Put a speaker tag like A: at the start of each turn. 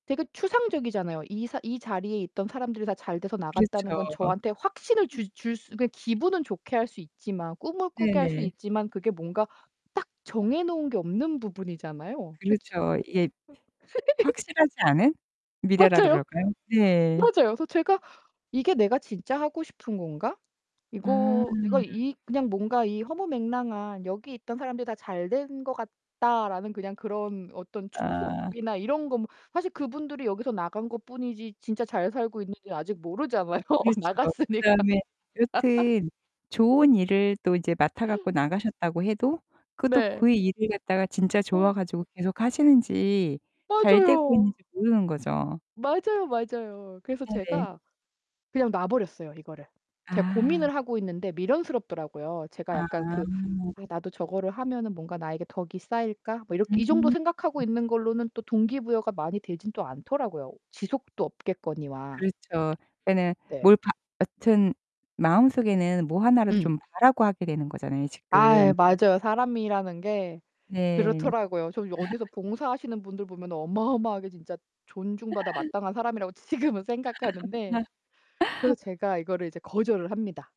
A: 되게 추상적이잖아요. 이 사 이 자리에 있던 사람들이 다 잘돼서 나갔다는
B: 그렇죠.
A: 건 저한테 확신을
B: 음.
A: 줄 줄 수 그러니까 기분은 좋게 할 수 있지만 꿈을 꾸게 할 수
B: 네네.
A: 있지만 그게 뭔가 딱 정해 놓은 게 없는 부분이잖아요. 그치
B: 그렇죠. 예. 확실하지 않은 미래라
A: 맞아요.
B: 그럴까요? 예.
A: 맞아요. 그래서 제가 '이게 내가 진짜 하고 싶은 건가?'
B: 음.
A: 이거 내가 이 그냥 뭔가 이 허무맹랑한 '여기 있던 사람들이 다 잘된 것 같다.'라는 그냥 그런 어떤
B: 아.
A: 추측이나 이런 거 뭐 사실 그분들이 여기서 나간 것뿐이지 진짜 잘 살고 있는지 아직 모르잖아요,
B: 그렇죠.
A: 나갔으니까.
B: 그다음에 여튼 좋은 일을 또 이제 맡아 갖고 나가셨다고 해도 그것도
A: 네.
B: 그 일을 갖다가 진짜 좋아 가지고 계속 하시는지 잘되고 있는지
A: 맞아요.
B: 모르는 거죠.
A: 맞아요, 맞아요. 그래서
B: 네네.
A: 제가 그냥 놔 버렸어요, 이거를. 제가
B: 아.
A: 고민을 하고 있는데 미련스럽더라고요. 제가
B: 아.
A: 약간 그 '아 나도 저거를 하면은 뭔가 나에게 덕이 쌓일까?' 뭐 이렇게
B: 음.
A: 이 정도
B: 음.
A: 생각하고 있는 걸로는 또 동기부여가 많이 되진 또 않더라고요. 지속도 없겠거니와.
B: 그렇죠. 그러니까
A: 네.
B: 뭘 바 여튼 마음속에는 뭐 하나라도
A: 음.
B: 좀 바라고 하게 되는 거잖아요
A: 아
B: 지금.
A: 맞아요. 사람이라는 게
B: 네.
A: 그렇더라고요. 저 여 어디서 봉사하시는 분들 보면 어마어마하게 진짜 존중받아 마땅한 사람이라고 지금은 생각하는데 그래서 제가 이거를 이제 거절을 합니다.